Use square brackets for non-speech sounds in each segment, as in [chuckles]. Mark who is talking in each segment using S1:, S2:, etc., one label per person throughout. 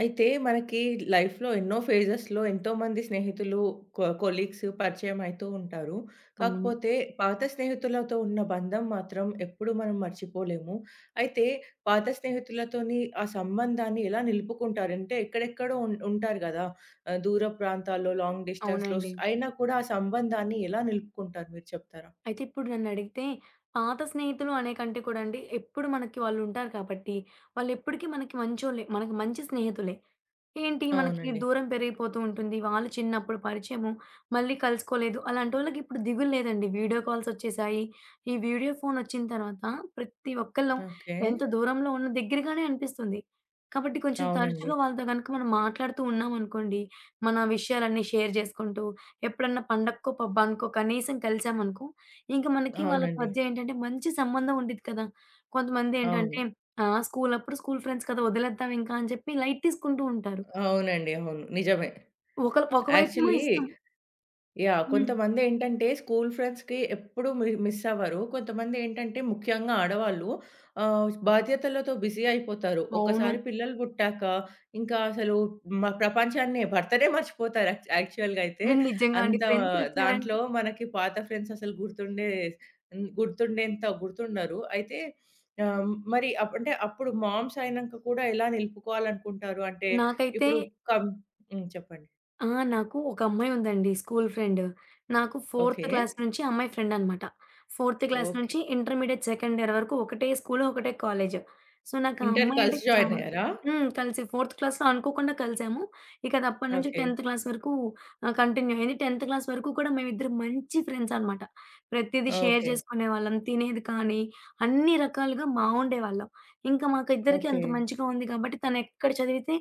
S1: అయితే మనకి లైఫ్‌లో ఎన్నో ఫేజెస్‌లో ఎంతోమంది స్నేహితులు కొ కొలీగ్స్ పరిచయంమ అయతూ ఉంటారు.
S2: అవును.
S1: కాకపోతే పాత స్నేహితులతో ఉన్న బంధం మాత్రం ఎప్పుడూ మనం మర్చిపోలేము. అయితే పాత స్నేహితులతోని ఆ సంబంధాన్ని ఎలా నిలుపుకుంటారు? అంటే ఎక్కడెక్కడో ఉన్ ఉంటారు గదా! ఆహ్, దూర ప్రాంతాల్లో లాంగ్ డిస్టెన్స్‌లో‌స్
S2: అవునండి.
S1: అయినా కూడా ఆ సంబంధాన్ని ఎలా నిలుపుకుంటారు మీరు చెప్తారా?
S2: అయితే ఇప్పుడు నన్నడిగితే పాత స్నేహితులు అనేకంటే కూడా అండి ఎప్పుడు మనకి వాళ్ళు ఉంటారు కాబట్టి వాళ్ళు ఎప్పటిక మనకి మంచోళ్ళే మనకి మంచి స్నేహితులే. ఏంటి మనకి
S1: అవునండి.
S2: దూరం పెరిగిపోతూ ఉంటుంది. వాళ్ళు చిన్నప్పుడు పరిచయము మళ్ళీ కలుసుకోలేదు. అలాంటోళ్ళకి ఇప్పుడు దిగులు లేదండి వీడియో కాల్స్ ఒచ్చేసాయి. ఈ వీడియో ఫోను ఒచ్చిన తర్వాత ప్రతి ఒక్కళ్ళం
S1: ఓకే.
S2: ఎంత దూరంలో ఉన్న దెగ్గరగానే అనిపిస్తుంది. కాబట్టి కొంచెం
S1: అవునండి.
S2: తరచుగా వాళ్ళతో గనుక మనం మాట్లాడుతూ ఉన్నామనుకోండి. మన విషయాలన్నీ షేర్ జేసుకుంటూ, ఎప్పుడన్నా పండక్కో పబ్బానుకో కనీసం కలిసామనుకో. ఇంక మనకి వాళ్ళకి
S1: అవునండి.
S2: మధ్య ఏంటంటే మంచి సంబంధం ఉండిద్ది కదా! కొంతమంది ఏంటంటే
S1: అవును.
S2: ఆహ్, స్కూలప్పుడు స్కూలు ఫ్రెండ్స్ కదా! వదిలేద్దాం ఇంకా అని చెప్పి లైట్ తీసుకుంటూ ఉంటారు.
S1: అవునండి. అవును. నిజమే.
S2: ఒకల ఒకవైపేమో
S1: యాక్చువలీ.
S2: ఇష్టం.
S1: యాహ్!
S2: హ్మ్.
S1: కొంతమంది ఏంటంటే స్కూలు ఫ్రెండ్స్‌కి ఎప్పుడుూ మి మిసవ్వరు. కొంతమంది ఏంటంటే ముఖ్యంగా ఆడవాళ్ళు ఆహ్, బాధ్యతలతో బిజీ అయిపోతారు.
S2: అవును.
S1: ఒకసారి పిల్లలు పుట్టాక ఇంకా అసలు మ ప్రపంచాన్నే భర్తడే మర్చిపోతారు. యాక్ యాక్చువల్‌గా అయితే
S2: హా! నిజంగా అండి.
S1: అంత
S2: ఫ్రెండ్స్ ఒచ్చారంటే
S1: దాంట్లో మనకి పాత ఫ్రెండ్స్ అసలు గుర్తుండే హ్మ్. గుర్తుండేంత గుర్తుండరు. అయితే ఆహ్, మరి అప్ అంటే అప్పుడు మామ్స్ అయినక గూడా ఎలా నిలుపుకోవాలనుకుంటారు అంటే
S2: నాకైతే
S1: ఇప్పుడు కం హ్మ్. చెప్పండి.
S2: ఆ! నాకు ఒక అమ్మాయుందండి. School friend. నాకు ఫోర్త్
S1: ఓకే.
S2: క్లాస్ నుంచి ఆ అమ్మాయి ఫ్రెండనమాట. Fourth class
S1: okay.
S2: నుంచి ఇంటర్మీడియేట్ సెకండ్ ఇయర్ వరకు ఒకటే స్కూలు, ఒకటే కాలేజి. సో, నాకా
S1: ఇంటర్
S2: అమ్మాయంటే
S1: కలిసి
S2: చా
S1: జాయిన్ అయ్యారా?
S2: హ్మ్. కలిసి ఫోర్త్ క్లాస్‌లో అనుకోకుండా కలిసాము. ఇకది అప్పడి నుంచి
S1: ఓకే.
S2: 10థ్ క్లాస్ వరకు ఆహ్, కంటిన్యూ అయింది. 10థ్ క్లాస్ వరకు కూడా మేమిు ఇద్దర మంచి ఫ్రెండ్సనమాట. ప్రతీదీ షేర్
S1: ఓకే.
S2: జేసుకునేవాళ్ళం. తినేది కానీ అన్ని రకాలుగా బావుండేవాళ్ళం. ఇంకా మాకు ఇద్దరికి అంత
S1: ఓకే.
S2: మంచిగా ఉంది కాబట్టి, తనెక్కడ చదివితే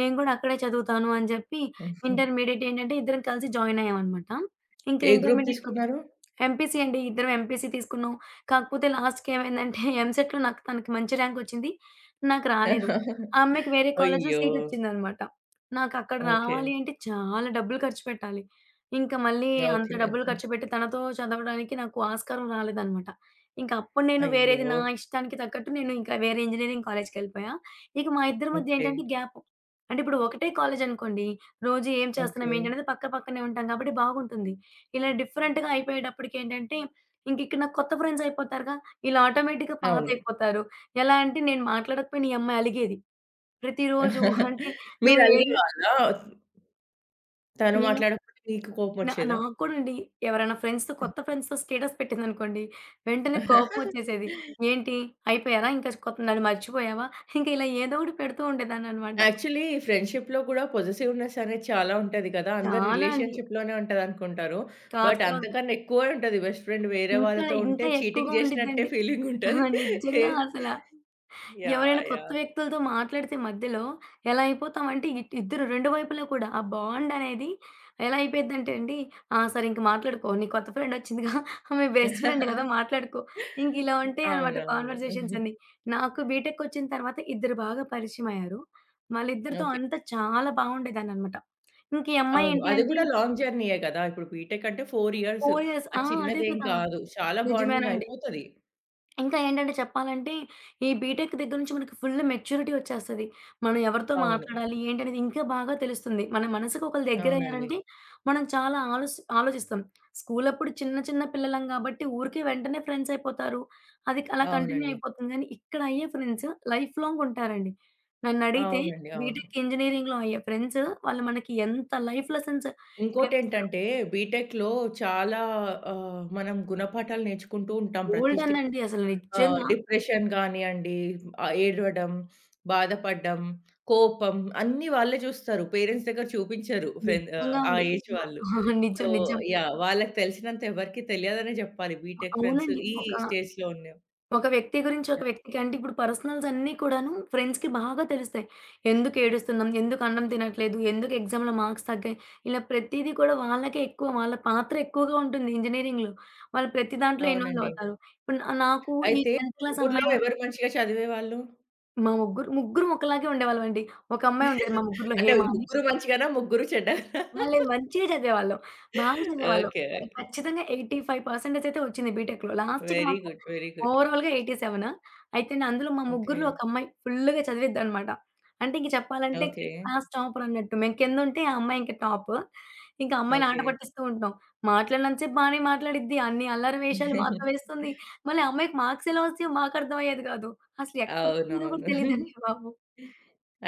S2: నేను గూడా అక్కడే చదువుతాను అని జెప్పి
S1: హుహు.
S2: ఇంటర్మీడియేట్ ఏంటంటే ఇద్దరం కలిసి జాయినయ్యామనమాట. ఇంకా
S1: ఏ గ్రూప్
S2: ఇంటర్మీడియట్‌లో
S1: తీసుకున్నారు?
S2: ఎంపీసీ అండి. ఇద్దరం ఎంపీసీ తీసుకున్నాం. కాకపోతే లాస్ట్‌‌కి ఏమైందంటే ఎంసెట్‌లో నాకు తనకి మంచి ర్యాంకొచ్చింది. నాకు రాలేదు. ఆ
S1: [chuckles]
S2: అమ్మాయికి వేరే కాలేజిలో
S1: అయ్యో!
S2: సీటొచ్చిందనమాట. నాకక్కడ
S1: ఓకే.
S2: రావాలి అంటే చాలా డబ్బులు ఖర్చుపెట్టాలి. ఇంక మళ్ళీ అంత
S1: ఓకే.
S2: డబ్బులు
S1: ఓకే.
S2: ఖర్చుపెట్టి తనతో చదవడానికి నాకు ఆస్కారం రాలేదనమాట. ఇంక అప్పుడు నేను వేరేది
S1: అయ్యో!
S2: నా ఇష్టానికి తగ్గట్టు నేను ఇంక వేరే ఇంజనీరింగు కాలేజికెళ్ళిపోయా. ఇక మా ఇద్దరి మధ్య ఏంటంటే
S1: ఓకే.
S2: గ్యాప్ అంటే ఇప్పుడు ఒకటే కాలేజనుకోండి రోజు ఏం
S1: ఓకే.
S2: చేస్తున్నాం? ఏంటనేది పక్క పక్కనే ఉంటాం కాబట్టి, బాగుంటుంది. ఇలా డిఫరెంట్‌గా అయిపోయేటప్పటికేంటంటే ఇంక ఇక్కడ నా కొత్త ఫ్రెండ్సయిపోతారుగా. ఈళ్ళు ఆటోమేటిక్‌గా
S1: అవును.
S2: పాతయిపోతారు. ఎలా అంటే నేను మాట్లాడకపోయిన ఈ అమ్మాయి అలిగేది. ప్రతిరోజు [giggles]
S1: [chuckles]
S2: అంటే నువ్వు ఏది
S1: మీరలిగేవాళ్ళా? తను
S2: నేను
S1: మాట్లాడకపోతే మీకు
S2: నా
S1: కోపమొచ్చేదా?
S2: నాకు కూడా అండి. ఎవరైనా ఫ్రెండ్స్‌తో కొత్త ఫ్రెండ్స్‌తో స్టేటస్ పెట్టిందనుకోండి, వెంటనే కోపమొచ్చేసేది.
S1: [chuckles]
S2: ఏంటి? అయిపోయారా? ఇంకా స్ కొ నన్ను మర్చిపోయావా? ఇంక ఇలా ఏదో ఒకటి పెడుతూ ఉండేదాన్ననమాట.
S1: యాక్చువల్లీ ఫ్రెండ్‌షిప్‌లో గూడా పొజిటివ్‌నెస్ అనేది చాలా ఉంటది గదా! అందరు
S2: చాలా అండి.
S1: రిలేషన్‌షిలోనే ఉంటదనుకుంటారు.
S2: కాదు.
S1: బట్
S2: కాం
S1: అంతకన్నా ఎక్కువే ఉంటది బెస్ట్ ఫ్రెండ్ వేరే
S2: ఇంకా
S1: వాళ్ళతో ఉంటే
S2: ఇంకా
S1: చీటింగ్
S2: ఎక్కువగా
S1: చేశినట్టే
S2: ఉండిద్దండి.
S1: ఫీలింగుంటది.
S2: [chuckles] నిజంగా అసలా.
S1: యాహ్!
S2: ఎవరైనా కొత్త
S1: యాహ్!
S2: వ్యక్తులతో మాట్లాడితే మధ్యలో ఎలా అయిపోతామంటే ఇట్ ఇద్దరు 2 వైపులా కూడా ఆ బాండనేది ఎలా అయిపోయిద్దంటే అండి, ఆ! సరే ఇంక మాట్లాడుకో నీ కొత్త ఫ్రెండొచ్చిందిగా [chuckles] మీ బెస్ట్ ఫ్రెండ్ గదా!
S1: [chuckles]
S2: మాట్లాడుకో. ఇంకిలా ఉంటయనమాట
S1: అవునవును.
S2: కాన్వర్జేషన్సన్నీ.
S1: [giggles]
S2: నాకు బీటెక్‌కొచ్చిన తర్వాత ఇద్దరు బాగా పరిచయమయ్యారు. వాళ్ళిద్దరితో
S1: ఓకే.
S2: అంతా చాలా బావుండేదాన్ననమాట. ఇంక ఈ
S1: అవును.
S2: అమ్మాయేంటి
S1: అది
S2: అంటే
S1: గూడా లాంగ్ జర్నీయే గదా! ఇప్పుడు బీటెక్ అంటే 4 ఇయర్స్
S2: పోయస్ ఆ!
S1: అది
S2: అదే
S1: చిన్నదేం
S2: కదా!
S1: గాదు. చాలా బాండింగ్
S2: నిజమేనండి.
S1: అయిపోతది.
S2: ఇంకా ఏంటంటే చెప్పాలంటే ఈ బీటెక్ దగ్గర నుంచి మనకి ఫుల్ మెచ్యూరిటీ ఒచ్చేస్తది. మనం ఎవరితో
S1: అవును.
S2: మాట్లాడాలి? ఏంటనేది ఇంకా బాగా తెలుస్తుంది. మన మనసుకి ఒకళ్ళు
S1: అవునండి.
S2: దగ్గరయ్యారంటే మనం చాలా ఆలోస్ ఆలోచిస్తాం. స్కూలప్పుడు చిన్న చిన్న పిల్లలం గాబట్టి, ఊరికే వెంటనే ఫ్రెండ్సయిపోతారు. అది క్ అలా కంటిన్యూ
S1: అవునండి.
S2: అయిపోతుంది. కానీ ఇక్కడ అయ్యే ఫ్రెండ్స్ లైఫ్‌లాంగ్ ఉంటారండి. నన్నడిగితే
S1: అవునండి. అవును.
S2: బీటెక్ ఇంజనీరింగులో అయ్యే ఫ్రెండ్స్ వాళ్ళు మనకి ఎంత లైఫ్ లెసన్స్ నేర్పిస్తారు.
S1: ఇంకోటేంటంటే బీటెక్‌లో చాలా ఆహ్, మనం గుణపాఠాలు నేర్చుకుంటూ ఉంటాం ప్రతి స్టే
S2: గోల్డెన్ అండి అసలు
S1: ఆహ్,
S2: నిజ్జంగా.
S1: డిప్రెషన్ గానీయండి ఆహ్, ఏడవడం, బాధపడ్డం, కోపం అన్నీ వాళ్ళే జూస్తారు. పేరెంట్స్ దగ్గర చూపించరు. ఫ్రెండ్ ఆహ్,
S2: నిజ్జంగా
S1: ఆ
S2: అండి.
S1: ఏజ్
S2: అస
S1: వాళ్ళు.
S2: [chuckles]
S1: సో
S2: నిజం. నిజం.
S1: యాహ్! వాళ్ళకి తెలిసినంత ఎవరికీ తెలియదనే జెప్పాలి. బీటెక్ ఫ్రెండ్స్
S2: అవునండి.
S1: ఈ
S2: ఒక
S1: స్టేజ్‌లో ఉన్న
S2: ఒక వ్యక్తి గురించి ఒక
S1: యాహ్!
S2: వ్యక్తికి అంటే ఇప్పుడు పర్సనల్స్ అన్నీ కూడాను ఫ్రెండ్స్‌కి బాగా తెలుస్తాయి. ఎందుకేడుస్తున్నాం? ఎందుకు అన్నం తినట్లేదు? ఎందుకు ఎగ్జామ్‌లో మార్క్స్ తగ్గాయి? ఇలా ప్రతీదీ కూడా వాళ్ళకే ఎక్కువ వాళ్ళ పాత్ర ఎక్కువగా ఉంటుంది ఇంజినీరింగులో. వాళ్ళు ప్రతి దాంట్లో ఇన్‌వాల్వ్
S1: అవునండి.
S2: అవుతారు. ఇప్పుడు న నాకు ఈ
S1: అయితే,
S2: 10థ్ క్లాస్
S1: ముగ్గుర్లో
S2: అమ్మయి వ
S1: ఎవరు మంచిగా చదివేవాళ్ళు?
S2: మా ముగ్గురు ముగ్గురం ఒక్కలాగే ఉండేవాళ్ళమండి. ఒక అమ్మాయి ఉండేది, మా
S1: [giggles]
S2: ముగ్గుర్లో
S1: అంటే
S2: హేమా అని.
S1: ముగ్గురు మంచిగానా? ముగ్గురు చెడ్డగా?
S2: మళ్ళీ
S1: [laughs]
S2: మంచిగా చదివేవాళ్ళం. బాగా చదివేవాళ్ళం.
S1: ఓకే.
S2: ఖ
S1: ఓకే.
S2: ఖచ్చితంగా 85% అయితే వచ్చింది బీటెక్‌లో. లాస్ట్‌కి
S1: వెరీ
S2: మాకు
S1: గుడ్. Very good.
S2: ఓవరాల్‌గా 87. అయితే, న అందులో మా ముగ్గురిలో
S1: ఓకే.
S2: ఒకమ్మాయి ఫుల్లుగా చదివిద్దనమాట. అంటే ఇంక చెప్పాలంటే, క్
S1: ఓకే.
S2: క్లాస్ టాపర్ అన్నట్టు. మేము కింద ఉంటే ఆ అమ్మాయి ఇంక టాప్. ఇంకా ఆ అమ్మాయిని ఆట
S1: ఓకే.
S2: పట్టిస్తూ ఉంటాం. మాట్లాడినంత సేపు బానే మాట్లాడిద్ది, అన్ని అల్లరి వేషాలు మాతో వేస్తుంది.
S1: [chuckles]
S2: మళ్ళీ ఆ అమ్మాయికి మాార్క్స్ ఎలా వస్తాయో మాకర్థమయ్యేది గాదు. అసలెప్పుడు చదివిందో కూడా
S1: అవునవును.
S2: తెలీదండి
S1: [giggles]
S2: బాబు!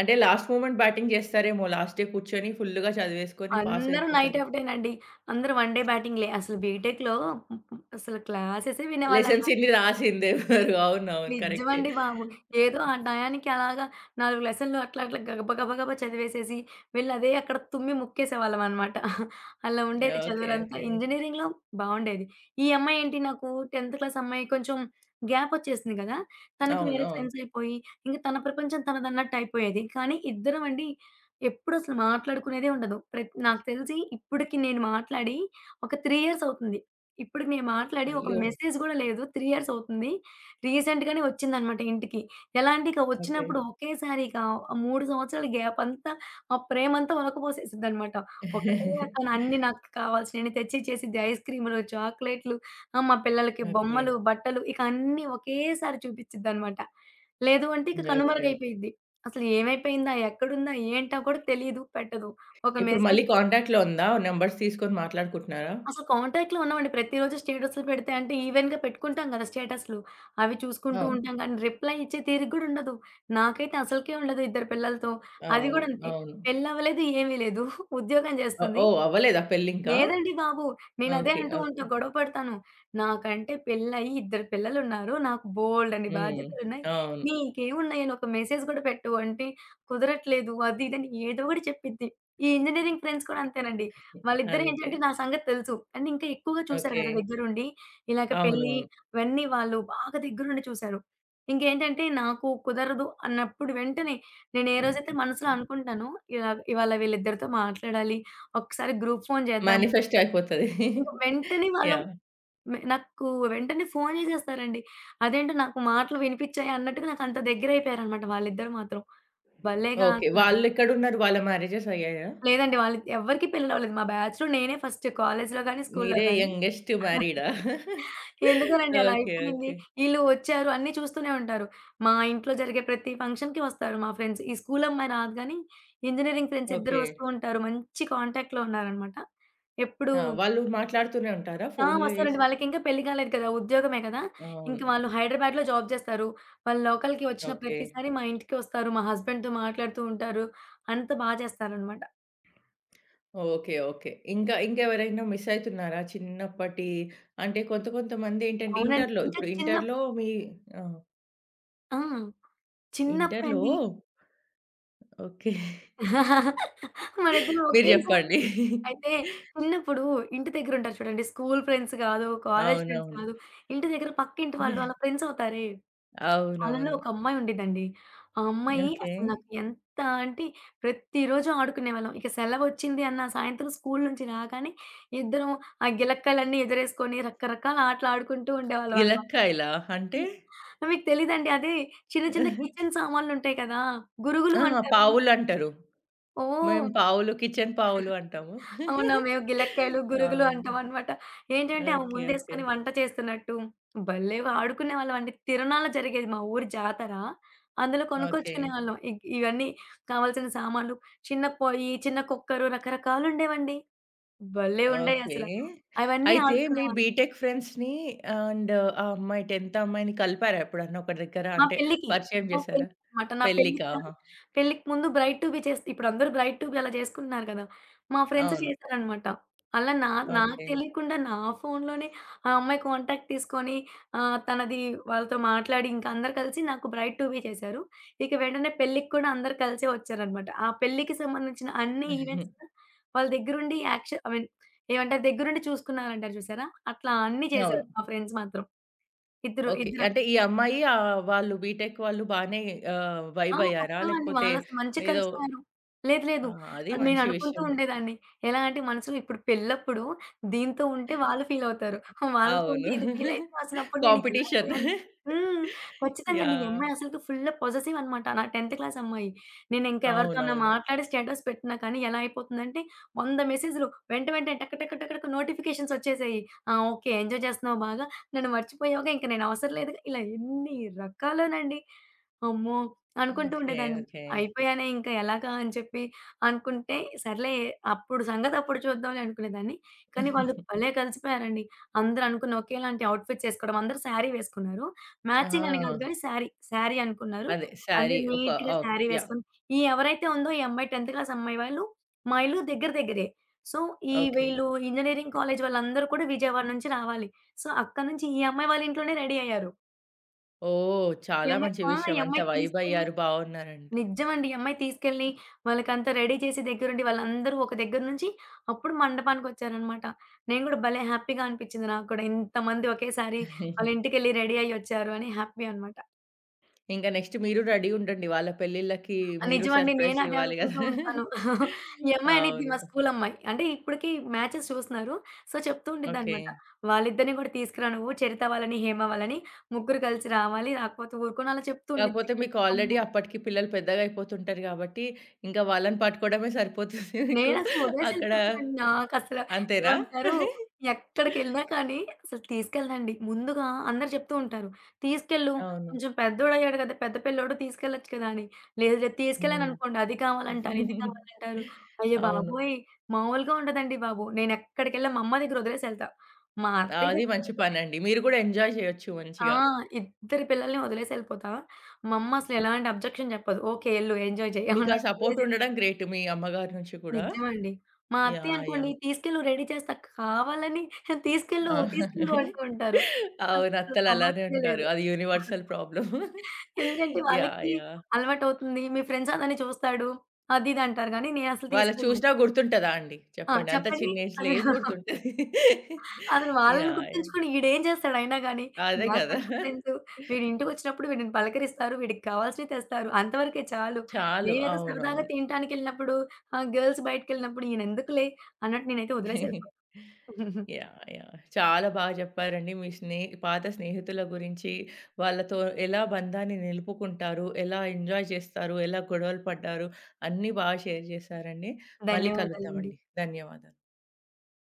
S1: అంటే, లాస్ట్ మూమెంట్ బ్యాటింగ్ జేస్తారేమో లాస్ట్ డే కూర్చొని ఫుల్లుగా చదివేసుకొని,
S2: అందరూ నైట్
S1: పాసయిపోతారు.
S2: ఔటేనండి. అందరూ 1 డే బ్యాటింగ్‌లే అసలు బీటెక్‌లో హ్మ్ హ్మ్ అసలు క్లాసెసే వినేవాళ్ళం
S1: లెసన్స్
S2: కాదు.
S1: ఇని రాసిందెవ్వరు? అవునవును కరెక్టే.
S2: నిజ్జమండి బాబు! ఏదో ఆ టయానికి అలాగా 4 లెసన్లు అట్లా అట్లా గబ బగ గబా చదివేసేసి, వెళ్ళి అదే అక్కడ తుమ్మి ముక్కేసేవాళ్ళమనమాట. [chuckles] అలా ఉండేది
S1: యాహ్! ఓకే.
S2: చదువులంతా,
S1: ఓకే.
S2: ఇంజినీరింగ్‌లో బావుండేది. ఈ అమ్మాయేంటి నాకు 10 క్లాస్ అమ్మాయి కొంచెం, గ్యాపొచ్చేసింది కదా! తనకి వేరే
S1: అవునవును.
S2: ఫ్రెండ్స్ అయిపోయి, ఇంక తన ప్రపంచం తనదన్నట్టు అయిపోయేది. కానీ, ఇద్దరం అండి, ఎప్పుడసలు మాట్లాడుకునేదే ఉండదు. ప్రత్ నాకు తెలిసి ఇప్పటికి నేను మాట్లాడి ఒక 3 ఇయర్స్ అవుతుంది. ఇప్పుడికి నేను మాట్లాడి ఒక
S1: అయ్యో!
S2: మెసేజ్ కూడా లేదు, 3 ఇయర్స్ అవుతుంది. రీసెంట్‌గానే ఒచ్చిందనమాట ఇంటికి. ఎలా అంటే, ఇక
S1: ఓకే.
S2: వచ్చినప్పుడు ఒకేసారిక 3 సంవత్సరాల గ్యాప్ అంతా, మా ప్రేమంతా ఒలకపోసేసిద్దనమాట. ఒకటే ఎత్తున అన్ని
S1: [giggles]
S2: నాకు కావాల్సియన్ని తెచ్చిచ్చేసిద్ది. ఐస్‌క్రీములు, చాక్లెట్లు, ఆ మా పిల్లలకి
S1: ఓకే.
S2: బొమ్మలు, బట్టలు ఇకన్నీ ఒకేసారి చూపిచ్చిద్దనమాట. లేదు అంటే, ఇక
S1: ఓకే. ఓకే.
S2: కనుమరగైపోయిద్ది. అసలు ఏమైపోయిందా? ఎక్కడుందా? ఏంటా కూడా తెలీదు, పెట్టదు. ఒక
S1: ఇప్పుడు మళ్ళీ
S2: మెసేజ్ చేయదు.
S1: కాంటాక్ట్‌లో ఉందా, నంబర్స్ తీసుకొని మాట్లాడుకుంటున్నారా?
S2: అసలు కాంటాక్ట్‌లో ఉన్నామండి. ప్రతిరోజు స్టేటస్లు పెడితే అంటే, ఈవెన్‌గా పెట్టుకుంటాం కదా స్టేటస్లు. అవి చూసుకుంటూ
S1: అవును.
S2: ఉంటాం గానీ, రిప్లై ఇచ్చే తీరిక గూడా ఉండదు. నాకైతే అసలుకే ఉండదు ఇద్దరు పిల్లలతో. అది
S1: అవును.
S2: కూడా అంతే
S1: అవును.
S2: పెళ్లి అవ్వలేదు, ఏమీ [chuckles] లేదు. ఉద్యోగం
S1: ఆహ్,
S2: జేస్తుంది
S1: ఓహ్! అవ్వలేదా పెళ్లింకా?
S2: లేదండి బాబు. నేనదే
S1: ఓకే.
S2: అంటూ ఉంటా,
S1: ఓకే.
S2: గొడవపడతాను. నాకంటే పెళ్ళయి, ఇద్దరు పిల్లలున్నారు. నాకు బోలేడన్ని
S1: హ్మ్.
S2: బాధ్యతలున్నాయి.
S1: అవును.
S2: "నీకేమున్నాయని ఒక మెసేజ్ కూడా పెట్టవు" అంటే, "కుదరట్లేదు" అది ఇదని ఏదో ఒకటి చెప్పిద్ది. ఈ ఇంజినీరింగ్ ఫ్రెండ్స్ కూడా అంతేనండి,
S1: అంతే.
S2: వాళ్ళిద్దరేంటంటే, నా సంగతి తెలుసు, అండ్ ఇంకా ఎక్కువగా చూసారు
S1: ఓకే.
S2: గదా దగ్గరుండి. ఇలాగ పెళ్ళి,
S1: అవునవును.
S2: ఇవన్నీ వాళ్ళు బాగా దగ్గరుండి చూసారు. ఇంకేంటంటే, నాకు కుదరదు అన్నప్పుడు వెంటనే నేనేరోజైతే మనసులో అనుకుంటానో ఇలాగా ఇవాళ వీళ్ళిద్దరితో మాట్లాడాలి, ఒక్కసారి గ్రూప్ ఫోన్ చేద్దాము...
S1: మ్యానిఫెస్ట్ అయిపోతది.
S2: ...ఇంక
S1: [chuckles]
S2: వెంటనే వాళ్ళు
S1: యాహ్!
S2: మ నాకు వెంటనే ఫోను జేసేస్తారండి. అదేంటో నాకు మాటలు వినిపించాయ అన్నట్టుగా నాకంత దెగ్గరయిపోయారనమాట వాళ్ళిద్దరూ మాత్రం. భల్లేెగా
S1: ఓకే.
S2: స
S1: వాళ్ళెక్కడున్నారు? వాళ్ళ మ్యారేజెస్ అయ్యాయా?
S2: లేదండి. వాళ్ళకి ఎవరికీ పెళ్లిలవ్వలేదు. మా బ్యాచ్‌లో నేనే ఫస్ట్ కాలేజ్‌లో గాని, స్కూల్‌లో
S1: మీరే
S2: గాని.
S1: యంగెస్ట్
S2: [chuckles]
S1: మ్యారీడా? [chuckles]
S2: ఎందుకోనండి, అలా
S1: ఓకే.
S2: అయిపోయింది.
S1: ఓకే.
S2: ఈళ్ళు వచ్చారు అన్నీ చూస్తూనే ఉంటారు. మా ఇంట్లో జరిగే ప్రతి ఫంక్షన్‌కి వస్తారు మా ఫ్రెండ్స్. ఈ స్కూలు అమ్మాయి రాదు గానీ, ఇంజనీరింగ్ ఫ్రెండ్స్ ఇద్దరు
S1: ఓకే.
S2: వస్తూ ఉంటారు. మంచి కాంటాక్ట్‌లో ఉన్నారనమాట. ఎప్పుడూ
S1: ఆ! వాళ్ళు మాట్లాడుతూనే ఉంటారా,
S2: ఆ!
S1: ఫోన్లు
S2: వస్తారండి.
S1: జేసి?
S2: వాళ్ళకింకా పెళ్లి కాలేదు కదా, ఉద్యోగమే కదా! ఇంక
S1: అవును.
S2: వాళ్ళు హైదరాబాద్‌లో జాబ్ చేస్తారు. వాళ్ళు లోకల్‌కి వచ్చిన
S1: ఓకే.
S2: ప్రతిసారి మా ఇంటికొస్తారు. మా హస్బెండ్‌తో మాట్లాడుతూ ఉంటారు. అంత బాగ చేస్తారనమాట.
S1: ఓకే. ఓకే. ఇంకా, ఇంకెవరైనా మిసైయితున్నారా? చిన్నప్పటి అంటే కొంత, కొంతమందెంటంటే
S2: అవునండి.
S1: ఇంటర్‌లో
S2: ఇంకా
S1: ఇప్పుడు
S2: చిన్నప్పు
S1: ఇంటర్‌లో మీ ఆ!
S2: ఆ!
S1: ఇంటర్‌లో
S2: చిన్నప్పుడండి.
S1: ఓకే.
S2: [chuckles] మనిద్దరుం
S1: మీరు
S2: ఓకేసారి.
S1: చెప్పండి.
S2: అయితే,
S1: [chuckles]
S2: చిన్నప్పుడు ఇంటి దెగ్గరుంటారు చూడండి. స్కూల్ ఫ్రెండ్స్ గాదు, కాలేజ్ ఫ్రెండ్స్
S1: అవునవును.
S2: గాదు. ఇంటి దెగ్గర పక్కింటి వాళ్ళు, అళ్ళ
S1: [chuckles]
S2: ఫ్రెండ్సవుతారే. అళ్ళలో
S1: అవునవును.
S2: ఒక అమ్మాయి ఉండిదండి. ఆ అమ్మాయి
S1: ఓకే.
S2: అసలు నాకు ఎంత అంటే, ప్రతిరోజు ఆడుకునేవాళ్ళం. ఇక సెలవు వచ్చిందన్న సాయంత్రం స్కూలు నుంచి రాగానే, ఇద్దరం ఆ గిలక్కాలన్ని ఎదురేసుకొని, రకరకాల ఆటలాడుకుంటూ ఉండేవాళ్ళవనమాట.
S1: గిలక్కాయలా అంటే?
S2: హ్మ్. మీకు తెలీదండి. అదే చిన్న, చిన్న కిచెన్
S1: [chuckles]
S2: సామాన్లుంటాయి కదా! గురుగులు
S1: ఆా!
S2: అంటారు.
S1: పావులంటారు.
S2: ఓహ్!
S1: మేము
S2: [chuckles]
S1: పావులు, కిచెన్ పావులు అంటాము.
S2: అవునా!
S1: [chuckles]
S2: మేవు గిలక్కాయలు, గురుగులు
S1: అవును.
S2: అంటవనమాట. ఏంటంటే అవి
S1: ఓకే. ఓకే.
S2: ముందేసుకొని, వంట చేస్తున్నట్టు, భలేవాడుకునేవాళ్ళవండి. తిరనాల జరిగేది, మా ఊరి జాతర. అందులో
S1: ఓకే.
S2: కొనుక్కొచ్చుకునేవాళ్ళం. ఇగ్ ఇవన్నీ కావాల్సిన సామాన్లు, చిన్న పొయ్యి, చిన్న కుక్కరు, రకరకాలుండేవండి. భలే
S1: ఓకే.
S2: ఉండేయసల. అవన్నీ
S1: అయితే మీ
S2: ఆడుకునేవాళ్ళం.
S1: బీటెక్ ఫ్రెండ్స్‌ని అండ్ ఆ అమ్మాయి 10థ్ అమ్మాయిని కలిపారా ఎప్పుడన్నా ఒక దెగ్గర?
S2: మా
S1: అంటే,
S2: పెళ్ళికి.
S1: పరిచయం
S2: మా
S1: జేశారా?
S2: పెళ్ళినమాట. నా
S1: పెళ్లికా!
S2: పెళ్లిగాను పెళ్ళికి ముందు బ్రైట్ టూ బీ చేస్తే ఇప్పుడందరూ బ్రైట్ టూ బీ అలా జేసుకుంటున్నారు గదా! మా ఫ్రెండ్స్
S1: అవును.
S2: జేసారనమాట. అలా నా నాకు
S1: ఓకే.
S2: తెలియకుండా, నా ఫోనూలోనే ఆ అమ్మాయి కాంటాక్ట్ తీసుకొని ఆహ్, తనది వాళ్ళతో మాట్లాడింకా, అందరూ కలిసి నాకు బ్రైట్ టు బీ చేశారు. ఇక వెంటనే పెళ్ళిక్కుడా అందరూ కలిసే వచ్చారనమాట. ఆ పెళ్ళికి సంబంధించిన అన్ని ఈవెంట్స్
S1: [chuckles]
S2: వాళ్ళ దెగ్గరుండి, యాక్షన్ ఐ మీన్ ఏవంతారు దగ్గరుండి చూసుకున్నారంటారు చూసారా, అట్లా అన్నీ చేశారు,
S1: అవును.
S2: మా ఫ్రెండ్స్ మాత్రం. ఇద్దరు
S1: ఓకే.
S2: ఇద్దర
S1: అంటే ఈ అమ్మాయి ఆహ్, వాళ్ళు బీటెక్ వాళ్ళు బానే ఆహ్,
S2: ఆ!
S1: వైబయ్యారా?
S2: చక్కగాండి.
S1: లేకపోతే
S2: వాళ్ళసల మంచి
S1: ఏదో
S2: కలిసిపోయారు. లేదు, లేదు.
S1: ఆ! అది
S2: ఆహ్,
S1: మంచి
S2: నేననుకుంటూ
S1: విషయమే.
S2: ఉండేదాన్ని. ఎలా అంటే మనసులో, ఇప్పుడు పెళ్ళప్పుడు, దీంతో ఉంటే వాళ్ళు ఫీలవుతారు,
S1: ఎ
S2: వాళ్ళతో ఉంటే
S1: అవును.
S2: ఇది ఫీలైద్ది, అసలప్పుడు నేను ఎలా
S1: కాంపిటీషిన్.
S2: చేయలి హ్మ్. ఖచ్చితంగండి. ఈ
S1: యాహ్!
S2: అమ్మాయి అసలకి ఫుల్లు పొససివనమాట. నా 10థ్ క్లాసమ్మాయి. నేనింక ఎవరితోన్నా
S1: అవునవును.
S2: మాట్లాడి స్టేటస్ పెట్టినా కానీ, ఎలా అయిపోతుందంటే, వంద మెసేజులు. వెంట, వెంటనే టక, టక, టక, టక నోటిఫికేషన్సోచ్చేసేయి. ఆ! ఓకే ఎంజాయ్ జేస్తున్నావు బాగా, నన్ను మర్చిపోయావుగా, ఇంక నేను అవసరం లేదుగా, ఇలా ఎన్ని, రకాలోనండి. అమ్మో!
S1: హ్మ్.
S2: అనుకుంటూ
S1: ఓకే.
S2: ఉండేదాన్ని.
S1: ఓకే.
S2: అయిపోయానే ఇంకా ఎలాగా అని చెప్పి అనుకుంటే, సర్లే అప్పుడు సంగతప్పుడు చూద్దాంలే అనుకునేదాన్ని. కానీ, వాళ్ళు
S1: [giggles]
S2: భలే కలిసిపోయారండి. అందరూ అనుకుని ఓకేలాంటి అవుట్‌ఫిట్సేసుకోవడం. అందరూ శారీ వేసుకున్నారు. మ్యాచింగని గాదు
S1: ఆ!
S2: గానీ, శారీ, శారీ అనుకున్నారు.
S1: అదే
S2: అంటే
S1: శారీ ఒక ఆ
S2: నీట్‌గాశారీ
S1: యాహ్!
S2: వేసుకొని ఈ ఎవరైతే ఉందో, ఈ అమ్మాయి 10థ్ క్లాసమ్బాయి వాళ్ళు, మా ఇల్లు దెగ్గర, దెగ్గరే. సో, ఈ
S1: ఓకే.
S2: వీళ్ళు ఇంజినీరింగ్ కాలేజు వాళ్ళందరూ కూడా, విజయవాడ నుంచి రావాలి. సో, అక్కడ నుంచి ఈ అమ్మాయి వాళ్ళ ఇంట్లోనే రెడీ అయ్యారు.
S1: ఓహ్!
S2: ఈ
S1: చాలా
S2: అమ్మాయి
S1: మంచి
S2: ఆ! ఈ
S1: విషయం. అంత
S2: అమ్మాయి తీసుకెళ్ళి
S1: వైబయ్యారు. బావున్నారంటే.
S2: నిజ్జమండి. ఈ అమ్మాయి తీసుకెళ్ళి, వాళ్ళకంతా రెడీ చేసి దెగ్గరుండి వాళ్ళందరూ ఒక దెగ్గర నుంచి అప్పుడు మండపానికొచ్చారనమాట. నేను కూడా భలే హ్యాపీగా అనిపిచ్చింది నాకు కూడా. ఇంతమంది ఒకేసారి వాళ్ళ
S1: [giggles]
S2: ఇంటికెళ్ళ రెడీ అయ్యి ఒచ్చారు అని హ్యాపీ అనమాట.
S1: ఇంక నెక్స్ట్ మీరు రెడీ ఉండండి. వాళ్ళ పెళ్ళిళ్ళకి మీరు
S2: నిజమండి. నేను
S1: సర్‌ప్రైజులు
S2: అదే
S1: ఇవ్వాలి
S2: అనుకుంటూ
S1: గదా!
S2: ఉంటాను. [chuckles] ఈ
S1: [chuckles]
S2: అమ్మాయి అనిద్ది
S1: అవును.
S2: మా స్కూలు అమ్మాయి. అంటే ఇప్పటికి మ్యాచెస్ చూస్తున్నారు. సో, చెప్తూ ఉండిద్దనమాట.
S1: ఓకే.
S2: "వాళ్ళిద్దరిని కూడా తీసుకురా! నువ్వు చరిత వాళ్ళని, హేమ వాళ్ళని ముగ్గురు కలిసి రావాలి. రాకపోతే ఊరుకొను" అలా చెప్తూ ఉండిద్ది.
S1: కాకపోతే మీకు ఆల్రెడీ
S2: అమ్మొ
S1: అప్పటికి పిల్లలు పెద్దగా అయిపోతుంటారు గాబట్టి, ఇంకా వాళ్ళని పట్టుకోవడమే సరిపోతుంది మీకు.
S2: నేనసలు
S1: అక్కడ
S2: ఒదిలేసెళ్ళిపోతానండి.
S1: పోయి
S2: నాకసలు
S1: అంతేనా?
S2: ఏమంటారు,
S1: [giggles]
S2: ఎక్కడికెళ్ళినా కానీ, అసలు తీసుకెళ్ళదండి. ముందుగా అందరూ చెప్తూ ఉంటారు. "తీసుకెళ్ళు
S1: అవును.
S2: కొంచెం పెద్దోడుయ్యాడు గదా! పెద్ద పిల్లోడు తీసుకెళ్ళొచ్చు కదా!" అని, లేదు లేదు
S1: హ్మ్.
S2: తీసుకెళ్ళాననుకోండి అది కావాలంటారు, ఇది
S1: [giggles]
S2: కావాలంటారు. అయ్య
S1: అవును.
S2: బాబోయ్! మామూలుగా ఉండదండి బాబు! నేనెక్కడికెళ్ళా మా అమ్మ దగ్గర వదిలేసి ఎళ్తా. మా
S1: ఆ!
S2: అత్తయ్య
S1: అది
S2: దగ్గర
S1: మంచి
S2: అయితే
S1: పనండి. మీరు గూడా ఎంజాయ్ చేయొచ్చు
S2: ఆ!
S1: మంచిగా.
S2: ఇద్దరి పిల్లల్ని ఒదిలేసెళ్ళిపోతా. మా అమ్మ అసలు ఎలాంటి అబ్జెక్షన్ చెప్పదు. "ఓకే ఎళ్ళు ఎంజాయ్ చేయి"
S1: మీకా
S2: అన్నట్టు
S1: సపోర్ట్
S2: ఒదిలేసిద్ది.
S1: ఉండడం గ్రేట్ మీ అమ్మగారి నుంచి గూడా
S2: నిజమండి. మా అత్తయ్య
S1: యాహ్!
S2: అనుకోండి
S1: యాహ్!
S2: "తీసుకెళ్ళు రెడీ చేస్తా" కావాలని "తీసుకెళ్ళు
S1: ఆ!
S2: తీసుకెళ్ళు" అంటూ
S1: [chuckles]
S2: ఉంటారు.
S1: అవును.
S2: అసలు
S1: అత్తలు అలానే
S2: సమస్య
S1: ఉంటారు.
S2: లేదు.
S1: అది యూనివర్సల్
S2: [giggles]
S1: ప్రాబ్లమ్. [chuckles]
S2: "ఎందుకంటే
S1: యాహ్!
S2: వాళ్ళకి
S1: యాహ్!
S2: అలవాటవుతుంది. మీ ఫ్రెండ్స్ అందరిని చూస్తాడు." అది ఇది అంటారు గానీ, నేనసలు
S1: వాళ్ళ చూసినా
S2: తీసుకులేదంటాను.
S1: గుర్తుంటదా అండి?
S2: ఆ!
S1: చెప్పండి? అంత
S2: చెప్పండి.
S1: చిన్న
S2: అద
S1: ఏజ్‌లో ఏమి
S2: [chuckles]
S1: గుర్తుంటది. [chuckles]
S2: అసలు వాళ్ళని
S1: యాహ్! యాహ్!
S2: గుర్తించుకొని ఇడేం జేస్తాడయినా గాని,
S1: అదే కదా!
S2: నాకంటే
S1: [chuckles]
S2: ఫ్రెండ్సు, వీడింటిికొచ్చినప్పుడు వీడిని పలకరిస్తారు. వీడికి కావాల్సిన తెస్తారు. అంతవరకే చాలు.
S1: చాలు.
S2: నేమేదో సరదాగా
S1: అవునవును.
S2: తినటానికెళ్ళినప్పుడు, ఆహ్, గర్ల్స్ బయటికెళ్ళినప్పుడు, ఈయనెందుకులే అన్నట్టు నేనైతే వదిలేసపో
S1: [giggles]
S2: [giggles]
S1: యాహ్! యాహ్! చాలా బా చెప్పారండి. మీ స్నేహ పాత స్నేహితుల గురించి వాళ్ళతో ఎలా బంధాన్ని నిలుపుకుంటారు? ఎలా ఎంజాయ్ చేస్తారు? ఎలా గొడవలు పడ్డారు? అన్నీ బాగా షేర్ జేశారండి. మళ్ళీ
S2: ధన్యవాదాలండి.
S1: కలుద్దామండి. ధన్యవాదాలు.